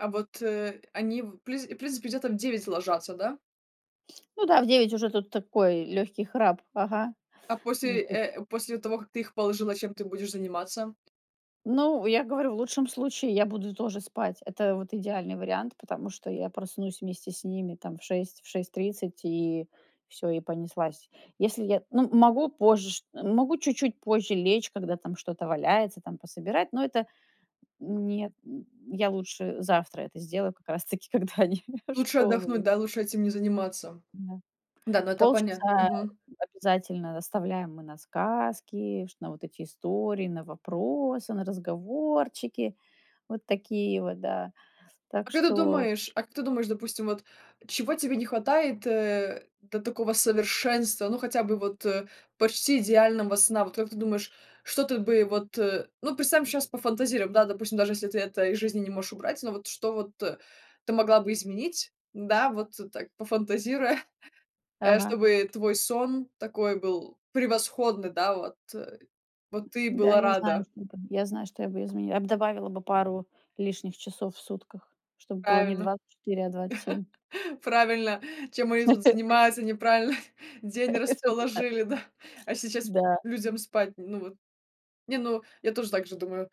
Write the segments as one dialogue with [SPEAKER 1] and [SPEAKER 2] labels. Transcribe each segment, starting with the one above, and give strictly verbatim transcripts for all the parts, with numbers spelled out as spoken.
[SPEAKER 1] А вот, э, они, в принц в принципе, где-то в девять ложатся, да?
[SPEAKER 2] Ну, да, в девять уже тут такой, лёгкий храп. Ага.
[SPEAKER 1] А после, э, после того, как ты их положила, чем ты будешь заниматься?
[SPEAKER 2] Ну, я говорю, в лучшем случае я буду тоже спать. Это вот идеальный вариант, потому что я проснусь вместе с ними там в шесть, в шесть тридцать, и всё, и понеслась. Если я ну, могу позже ш могу чуть-чуть позже лечь, когда там что-то валяется, там пособирать, но это Нет, нь Я лучше завтра это сделаю как раз таки, когда они в
[SPEAKER 1] Лучше
[SPEAKER 2] школу
[SPEAKER 1] отдохнуть,
[SPEAKER 2] уй
[SPEAKER 1] да, лучше этим не заниматься.
[SPEAKER 2] Да.
[SPEAKER 1] Да, ну это понятно.
[SPEAKER 2] Полчаса
[SPEAKER 1] Мгм.
[SPEAKER 2] обязательно оставляем мы на сказки, ш на вот эти истории, на вопросы, на разговорчики. Вот такие вот, да.
[SPEAKER 1] А
[SPEAKER 2] Так
[SPEAKER 1] как ты
[SPEAKER 2] что
[SPEAKER 1] думаешь а как ты думаешь, допустим, вот чего тебе не хватает, э, до такого совершенства, ну хотя бы вот, э, почти идеального сна? Вот как ты думаешь, что тут бы вот, э, ну, представим щас, пофантазируем, да, допустим, даже если ты это из жизни не можешь убрать. Но вот что вот ты могла бы изменить, да, вот так, пофантазируя, э,
[SPEAKER 2] Ага.
[SPEAKER 1] чтобы твой сон такой был превосходный, да, вот вот ты
[SPEAKER 2] Да,
[SPEAKER 1] была
[SPEAKER 2] я знаю,
[SPEAKER 1] рада.
[SPEAKER 2] что не подбе я знаю, что я бы изменила, я б добавила бы пару лишних часов в сутках, чтоб было не
[SPEAKER 1] Правильно.
[SPEAKER 2] двадцать четыре, а двадцать семь.
[SPEAKER 1] Правильно, чем они тут занимаются, неправильно день
[SPEAKER 2] Всё-то так.
[SPEAKER 1] расположили, да, а сейчас
[SPEAKER 2] Да.
[SPEAKER 1] людям спать, ну вот. Не, ну я тоже так же думаю,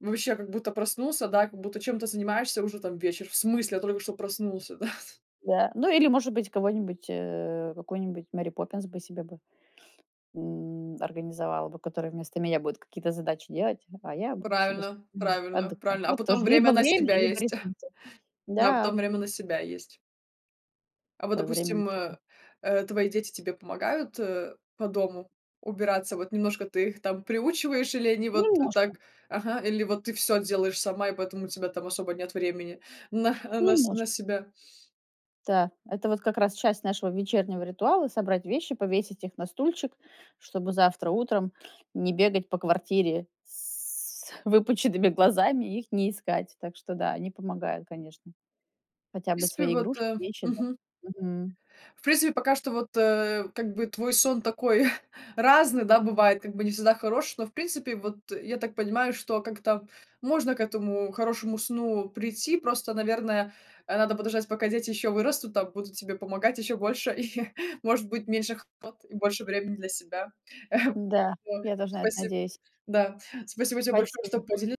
[SPEAKER 1] вообще, как будто проснулся, да, как будто чем-то занимаешься- уже там вечер. В смысле? Я только что проснулся! Да?
[SPEAKER 2] Да, ну, или, может быть, кого-нибудь, э, какую-нибудь Мэри Поппинс бы себе бы, м, организовала бы. Которая вместо меня будет какие-то задачи делать, а я буду себе
[SPEAKER 1] Правильно
[SPEAKER 2] спокойно
[SPEAKER 1] правильно
[SPEAKER 2] отдыхать.
[SPEAKER 1] прально, а
[SPEAKER 2] Тут
[SPEAKER 1] потом
[SPEAKER 2] тоже- либо
[SPEAKER 1] время на
[SPEAKER 2] время,
[SPEAKER 1] себя
[SPEAKER 2] либо
[SPEAKER 1] есть.
[SPEAKER 2] ресурсы.
[SPEAKER 1] Да, а
[SPEAKER 2] Да.
[SPEAKER 1] потом время на себя есть. А вот,
[SPEAKER 2] Ой, время на
[SPEAKER 1] допустим,
[SPEAKER 2] себя.
[SPEAKER 1] э, твои дети тебе помогают по дому убираться? Вот немножко ты их там приучиваешь или они вот
[SPEAKER 2] Немножко.
[SPEAKER 1] так, ага, или вот ты всё делаешь сама и поэтому у тебя там особо нет времени на на с
[SPEAKER 2] Немножко.
[SPEAKER 1] на себя?
[SPEAKER 2] Та. Это вот как раз часть нашего вечернего ритуала: собрать вещи, повесить их на стульчик, чтобы завтра утром не бегать по квартире с выпученными глазами и их не искать. Так что да, они помогают, конечно. Хотя
[SPEAKER 1] В
[SPEAKER 2] бы
[SPEAKER 1] принципе,
[SPEAKER 2] свои
[SPEAKER 1] вот
[SPEAKER 2] игрушки,
[SPEAKER 1] э
[SPEAKER 2] вещи, да.
[SPEAKER 1] мгм.
[SPEAKER 2] Мгм.
[SPEAKER 1] В принципе, пока что вот, э, как бы твой сон такой разный, да, бывает, как бы не всегда хороший, но, в принципе, вот я так понимаю, что как-то можно к этому хорошему сну прийти, просто, наверное, э, надо подождать пока дети еще вырастут там, будут тебе помогать еще больше, и, может быть, меньше хлопот и больше времени для себя.
[SPEAKER 2] Да,
[SPEAKER 1] Вот.
[SPEAKER 2] я тоже на это
[SPEAKER 1] Спасиб
[SPEAKER 2] надеюсь.
[SPEAKER 1] Да, спасибо тебе большое что
[SPEAKER 2] Спасибо.
[SPEAKER 1] подели